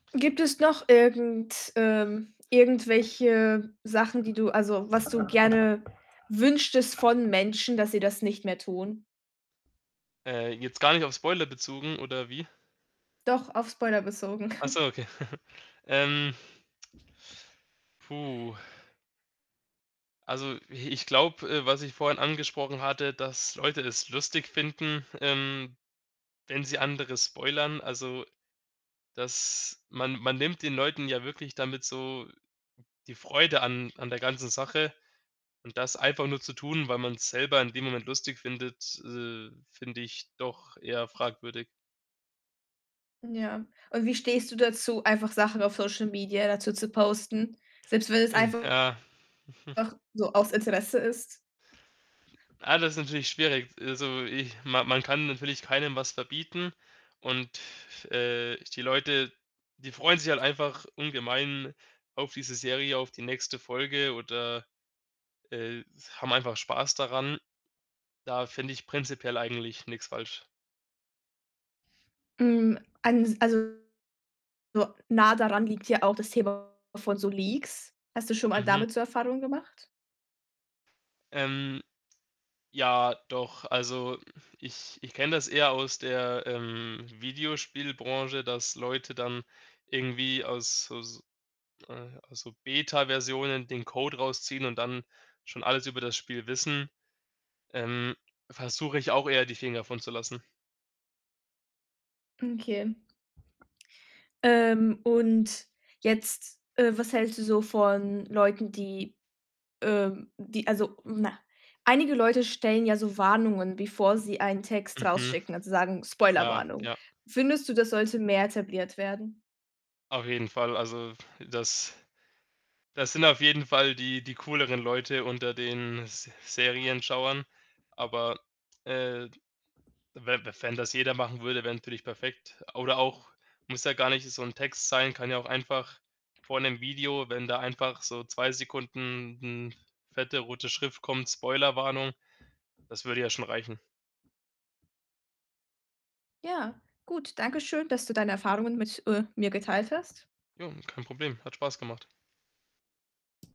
Gibt es noch irgend ähm, irgendwelche Sachen, die du also, was du gerne wünschtest von Menschen, dass sie das nicht mehr tun? Äh, jetzt gar nicht auf Spoiler bezogen oder wie? Doch, auf Spoiler bezogen. Ach so, okay. Ähm puh. Also, i ich glaube, äh, was ich vorhin angesprochen hatte, dass Leute es lustig finden, ähm, wenn sie andere spoilern. Also, dass man man nimmt den Leuten ja wirklich damit so die Freude an an der ganzen Sache und das einfach nur zu tun, weil man's selber in dem Moment lustig findet, äh, finde ich doch eher fragwürdig. Ja. Und wie stehst du dazu, einfach Sachen auf Social Media dazu zu posten, selbst wenn es Ja. einfach so aus Interesse ist? Ah, das ist natürlich schwierig. Also, ich man man kann natürlich keinem was verbieten und, äh, die Leute, die freuen sich halt einfach ungemein auf diese Serie, auf die nächste Folge oder, äh, haben einfach Spaß daran. Da finde ich prinzipiell eigentlich nix falsch. Hm, eins also, so nah daran liegt ja auch das Thema von so Leaks. Hast du schon mal Mhm. damit so Erfahrungen gemacht? Ähm, ja doch. Also, ich ich kenne das eher aus der, ähm, Videospielbranche, dass Leute dann irgendwie aus so s äh, aus so Beta-Versionen den Code rausziehen und dann schon alles über das Spiel wissen. Ähm, versuche ich auch eher die Finger von zu lassen. Okay. Ähm, und jetzt, äh, was hältst du so von Leuten, die, ähm die, also na, einige Leute stellen ja so Warnungen, bevor sie einen Text Mhm. rausschicken, also, sagen: Ja, „Spoilerwarnung.“ ja. Findest du, das sollte mehr etabliert werden? Auf jeden Fall. Also, das das sind auf jeden Fall die die cooleren Leute unter den Se Serienschauern. Aber, äh, we we wenn das jeder machen würde, wäre natürlich perfekt. Oder auch muss ja gar nicht so 'n Text sein, kann ja auch einfach vor 'nem Video, wenn da einfach so 2 Sekunden 'n fette rote Schrift kommt: „Spoilerwarnung“, das würde ja schon reichen. Ja, gut. Danke schön, dass du deine Erfahrungen mit, äh, mir geteilt hast. Jo, kein Problem. Hat Spaß gemacht.